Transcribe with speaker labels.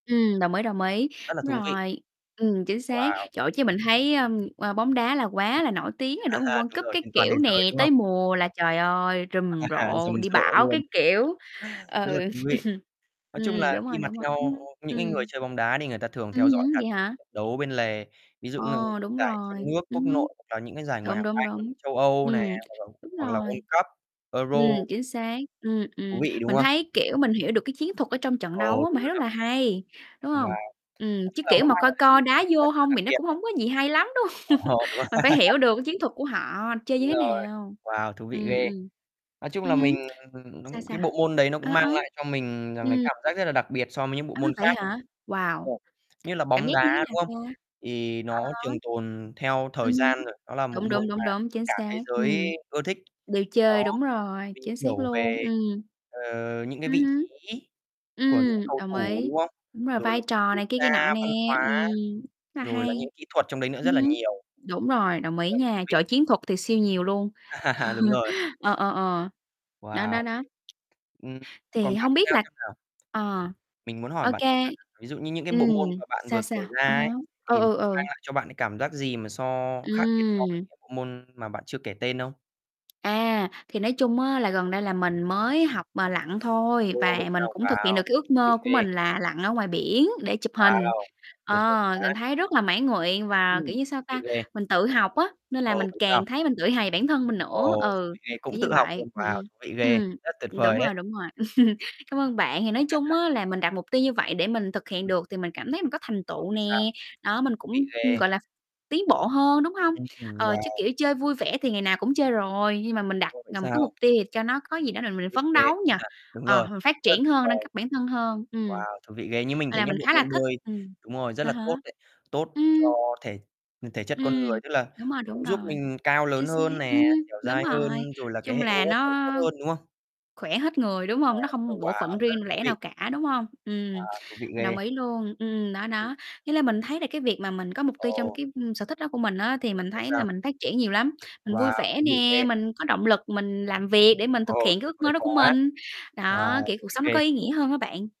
Speaker 1: Ừm, đồng ý, đồng ý,
Speaker 2: Rất là
Speaker 1: đúng
Speaker 2: thú vị.
Speaker 1: rồi. Ừm, chính xác.
Speaker 2: Wow!
Speaker 1: Trời ơi, chứ mình thấy, ưm, ơ, bóng đá là quá
Speaker 2: Ừm,
Speaker 1: là nổi tiếng rồi, đúng hông? World
Speaker 2: đúng
Speaker 1: Cup
Speaker 2: rồi,
Speaker 1: các
Speaker 2: trên toàn thế
Speaker 1: kiểu
Speaker 2: giới,
Speaker 1: nè,
Speaker 2: đúng
Speaker 1: tới
Speaker 2: không?
Speaker 1: mùa là, trời ơi, rầm rộ,
Speaker 2: Rầm
Speaker 1: đi
Speaker 2: rộ
Speaker 1: bão các
Speaker 2: luôn!
Speaker 1: kiểu. Ừ.
Speaker 2: Rất là thú vị. Nói chung
Speaker 1: Ừm,
Speaker 2: là
Speaker 1: đúng
Speaker 2: khi
Speaker 1: rồi,
Speaker 2: mà
Speaker 1: đúng rồi,
Speaker 2: theo
Speaker 1: ừm,
Speaker 2: những cái người
Speaker 1: ừm.
Speaker 2: chơi bóng đá đi, người ta thường
Speaker 1: Ừm
Speaker 2: theo dõi
Speaker 1: hứm,
Speaker 2: cả
Speaker 1: vậy
Speaker 2: những cái
Speaker 1: hả?
Speaker 2: trận đấu bên lề. Ví dụ
Speaker 1: Ồ,
Speaker 2: như
Speaker 1: đúng
Speaker 2: giải trong
Speaker 1: rồi,
Speaker 2: nước, quốc
Speaker 1: ừm hứm.
Speaker 2: nội hoặc là những cái giải Ngoại
Speaker 1: Đúng,
Speaker 2: hạng
Speaker 1: đúng,
Speaker 2: Anh,
Speaker 1: đúng.
Speaker 2: châu Âu nè,
Speaker 1: Ừm,
Speaker 2: hoặc là
Speaker 1: đúng
Speaker 2: hoặc là World
Speaker 1: rồi.
Speaker 2: Cup, Euro.
Speaker 1: Ừm, chính xác. Ừm,
Speaker 2: Thú
Speaker 1: ừm,
Speaker 2: vị, đúng
Speaker 1: mình
Speaker 2: không?
Speaker 1: thấy, kiểu, mình hiểu được cái chiến thuật ở trong trận đấu
Speaker 2: Ồ,
Speaker 1: á, mình
Speaker 2: đúng
Speaker 1: thấy
Speaker 2: rồi
Speaker 1: rất
Speaker 2: đó.
Speaker 1: là hay, đúng
Speaker 2: Wow,
Speaker 1: hông?
Speaker 2: nói
Speaker 1: Ừm, chứ
Speaker 2: chung là
Speaker 1: kiểu
Speaker 2: nó
Speaker 1: mà
Speaker 2: mang
Speaker 1: coi
Speaker 2: lại cho mình
Speaker 1: coi đá
Speaker 2: cảm
Speaker 1: vô
Speaker 2: giác rất là
Speaker 1: hông
Speaker 2: đặc
Speaker 1: thì nó
Speaker 2: biệt
Speaker 1: cũng
Speaker 2: đấy.
Speaker 1: hổng có gì hay lắm, đúng hông?
Speaker 2: Ồ. Đúng rồi
Speaker 1: Mình phải hiểu được cái chiến thuật của họ chơi như
Speaker 2: Đúng
Speaker 1: thế
Speaker 2: rồi,
Speaker 1: nào.
Speaker 2: wow, thú vị
Speaker 1: Ừm,
Speaker 2: ghê.
Speaker 1: ừm.
Speaker 2: Nói chung
Speaker 1: Ừm
Speaker 2: là mình,
Speaker 1: hứm.
Speaker 2: ừm, nó
Speaker 1: Sao,
Speaker 2: cái
Speaker 1: sao?
Speaker 2: bộ môn đấy nó cũng
Speaker 1: Ờ,
Speaker 2: mang
Speaker 1: ờ,
Speaker 2: lại cho mình rằng là
Speaker 1: ừm.
Speaker 2: cảm giác rất là đặc biệt so mới những bộ
Speaker 1: À,
Speaker 2: môn
Speaker 1: vậy
Speaker 2: khác đấy.
Speaker 1: hả? Wow,
Speaker 2: Và
Speaker 1: c
Speaker 2: như là
Speaker 1: cảm
Speaker 2: bóng
Speaker 1: giác
Speaker 2: đá,
Speaker 1: như thế
Speaker 2: đúng không?
Speaker 1: nào ta?
Speaker 2: Thì
Speaker 1: À
Speaker 2: nó
Speaker 1: há.
Speaker 2: trường tồn theo
Speaker 1: Ừm
Speaker 2: thời
Speaker 1: hứm.
Speaker 2: gian rồi. Nó là một
Speaker 1: Đúng,
Speaker 2: môn
Speaker 1: đúng,
Speaker 2: mà
Speaker 1: đúng, đúng. Chính
Speaker 2: cả thế
Speaker 1: xác.
Speaker 2: giới
Speaker 1: Ừm,
Speaker 2: ưa thích.
Speaker 1: đều
Speaker 2: Đó,
Speaker 1: chơi, đúng rồi,
Speaker 2: mình
Speaker 1: chính xác
Speaker 2: hiểu
Speaker 1: luôn,
Speaker 2: về,
Speaker 1: ừm.
Speaker 2: ờ, những cái
Speaker 1: Ừm
Speaker 2: vị
Speaker 1: hứm.
Speaker 2: trí của những
Speaker 1: Ừm,
Speaker 2: cầu
Speaker 1: đồng
Speaker 2: thủ,
Speaker 1: ý.
Speaker 2: đúng không?
Speaker 1: Đúng rồi,
Speaker 2: Rồi
Speaker 1: vai
Speaker 2: là những cái
Speaker 1: trò
Speaker 2: quốc
Speaker 1: này kia kia nọ
Speaker 2: gia,
Speaker 1: nè.
Speaker 2: văn
Speaker 1: Ừm
Speaker 2: hóa,
Speaker 1: là
Speaker 2: rồi là
Speaker 1: hay.
Speaker 2: những kỹ thuật trong đấy nữa, rất
Speaker 1: Ừm
Speaker 2: là
Speaker 1: hứm,
Speaker 2: nhiều.
Speaker 1: đúng rồi, đồng ý
Speaker 2: Rất thú
Speaker 1: nha,
Speaker 2: vị.
Speaker 1: trời, chiến thuật thì siêu nhiều luôn.
Speaker 2: Đúng rồi.
Speaker 1: Ờ, ờ, ờ. Đó,
Speaker 2: Wow,
Speaker 1: đó, đó.
Speaker 2: ừm, còn
Speaker 1: Thì
Speaker 2: bạn
Speaker 1: hông
Speaker 2: thì
Speaker 1: biết
Speaker 2: sao,
Speaker 1: là
Speaker 2: xem nào?
Speaker 1: ờ,
Speaker 2: Mình muốn hỏi
Speaker 1: OK,
Speaker 2: bạn [unintelligible] ví dụ như những cái bộ
Speaker 1: ừm,
Speaker 2: môn mà bạn
Speaker 1: sao,
Speaker 2: vừa kể
Speaker 1: sao?
Speaker 2: ra
Speaker 1: À
Speaker 2: ấy,
Speaker 1: há, coi
Speaker 2: thì
Speaker 1: ừ,
Speaker 2: mang
Speaker 1: ừ.
Speaker 2: lại cho bạn cái cảm giác gì mà so khác biệt so với
Speaker 1: Ừm.
Speaker 2: những bộ môn mà bạn chưa kể tên không?
Speaker 1: À, thì nói chung á, là gần đây là mình mới học mà, lặn thôi.
Speaker 2: Ồ, vậy
Speaker 1: Và mình
Speaker 2: sao?
Speaker 1: cũng thực hiện
Speaker 2: Wow,
Speaker 1: được cái ước
Speaker 2: thú vị
Speaker 1: mơ của
Speaker 2: ghê!
Speaker 1: mình là lặn ở ngoài biển để chụp hình.
Speaker 2: Wow! Tuyệt vời
Speaker 1: Ờ, mình
Speaker 2: quá.
Speaker 1: thấy rất là mãn nguyện. Và, kiểu
Speaker 2: Ừm,
Speaker 1: như sao
Speaker 2: thú vị
Speaker 1: ta,
Speaker 2: ghê.
Speaker 1: mình tự học á, nên là
Speaker 2: Ồ,
Speaker 1: mình
Speaker 2: vậy sao?
Speaker 1: càng thấy mình tự hào về bản thân mình
Speaker 2: Ồ,
Speaker 1: nữa.
Speaker 2: thú
Speaker 1: Ừ,
Speaker 2: vị ghê,
Speaker 1: kiểu
Speaker 2: cũng
Speaker 1: như
Speaker 2: tự học
Speaker 1: vậy,
Speaker 2: luôn, wow,
Speaker 1: ừm,
Speaker 2: thú vị ghê,
Speaker 1: ừm.
Speaker 2: rất tuyệt
Speaker 1: Ừm, đúng
Speaker 2: vời
Speaker 1: rồi,
Speaker 2: đấy.
Speaker 1: đúng rồi. Cảm ơn bạn. Thì nói chung á, là mình đặt mục tiêu như vậy để mình thực hiện
Speaker 2: Ừm.
Speaker 1: được thì mình cảm thấy mình có thành
Speaker 2: Ồ,
Speaker 1: tựu
Speaker 2: vậy sao?
Speaker 1: nè. Đó, mình cũng,
Speaker 2: Vị ghê.
Speaker 1: gọi là, tiến bộ hơn, đúng hông?
Speaker 2: Ừm, ừm,
Speaker 1: Ờ, chứ,
Speaker 2: wow!
Speaker 1: kiểu, chơi vui vẻ thì ngày nào cũng chơi rồi, nhưng mà mình đặt,
Speaker 2: Ồ, vậy
Speaker 1: ờ, một cái
Speaker 2: sao?
Speaker 1: mục tiêu cho nó có gì đó là mình
Speaker 2: Thú vị
Speaker 1: phấn
Speaker 2: ghê.
Speaker 1: đấu nhỉ.
Speaker 2: Công nhận, đúng
Speaker 1: Ờ,
Speaker 2: rồi,
Speaker 1: mình phát
Speaker 2: rất
Speaker 1: triển
Speaker 2: tuyệt
Speaker 1: hơn, nâng
Speaker 2: vời.
Speaker 1: cấp bản thân hơn. Ừm.
Speaker 2: Wow, thú vị ghê. Như mình thấy
Speaker 1: À,
Speaker 2: nhá,
Speaker 1: mình
Speaker 2: bộ
Speaker 1: khá là
Speaker 2: môn
Speaker 1: thích,
Speaker 2: bơi
Speaker 1: ừm.
Speaker 2: đúng rồi, rất
Speaker 1: À
Speaker 2: là
Speaker 1: há.
Speaker 2: tốt đấy. Tốt
Speaker 1: Ừm.
Speaker 2: cho thể thể chất con
Speaker 1: Ừm,
Speaker 2: người. Tức là
Speaker 1: đúng rồi, đúng
Speaker 2: cũng giúp
Speaker 1: rồi,
Speaker 2: mình cao
Speaker 1: chính
Speaker 2: lớn
Speaker 1: xác.
Speaker 2: hơn nè,
Speaker 1: Ừm,
Speaker 2: dẻo
Speaker 1: đúng
Speaker 2: dai
Speaker 1: rồi. Nói
Speaker 2: hơn, rồi là cái
Speaker 1: chung
Speaker 2: hệ hô
Speaker 1: là
Speaker 2: hấp nó
Speaker 1: nó
Speaker 2: cũng tốt hơn, đúng không?
Speaker 1: khỏe hết người, đúng
Speaker 2: Đấy,
Speaker 1: hông? Nó
Speaker 2: ồ
Speaker 1: không bộ phận
Speaker 2: wow, rất là
Speaker 1: riêng
Speaker 2: thú
Speaker 1: lẻ
Speaker 2: vị.
Speaker 1: nào cả, đúng hông? Ừm,
Speaker 2: À, thú vị
Speaker 1: mình
Speaker 2: ghê.
Speaker 1: đồng ý luôn. Ừm, đó,
Speaker 2: Ừm.
Speaker 1: đó. Với lại mình thấy là cái việc mà mình có mục tiêu trong
Speaker 2: Ồ!
Speaker 1: cái, ừm, sở thích đó của mình á, thì
Speaker 2: Ừm,
Speaker 1: mình
Speaker 2: vậy
Speaker 1: thấy là
Speaker 2: sao?
Speaker 1: mình phát triển nhiều lắm. Mình vui
Speaker 2: Wow,
Speaker 1: vẻ
Speaker 2: thú vị
Speaker 1: nè,
Speaker 2: ghê.
Speaker 1: mình có động lực mình làm việc để mình
Speaker 2: Ồ,
Speaker 1: thực hiện cái
Speaker 2: tuyệt
Speaker 1: ước
Speaker 2: vời
Speaker 1: mơ đó của
Speaker 2: quá.
Speaker 1: mình. Đó,
Speaker 2: Wow,
Speaker 1: kiểu,
Speaker 2: thú
Speaker 1: cuộc
Speaker 2: vị
Speaker 1: sống nó
Speaker 2: ghê.
Speaker 1: có ý nghĩa hơn á bạn.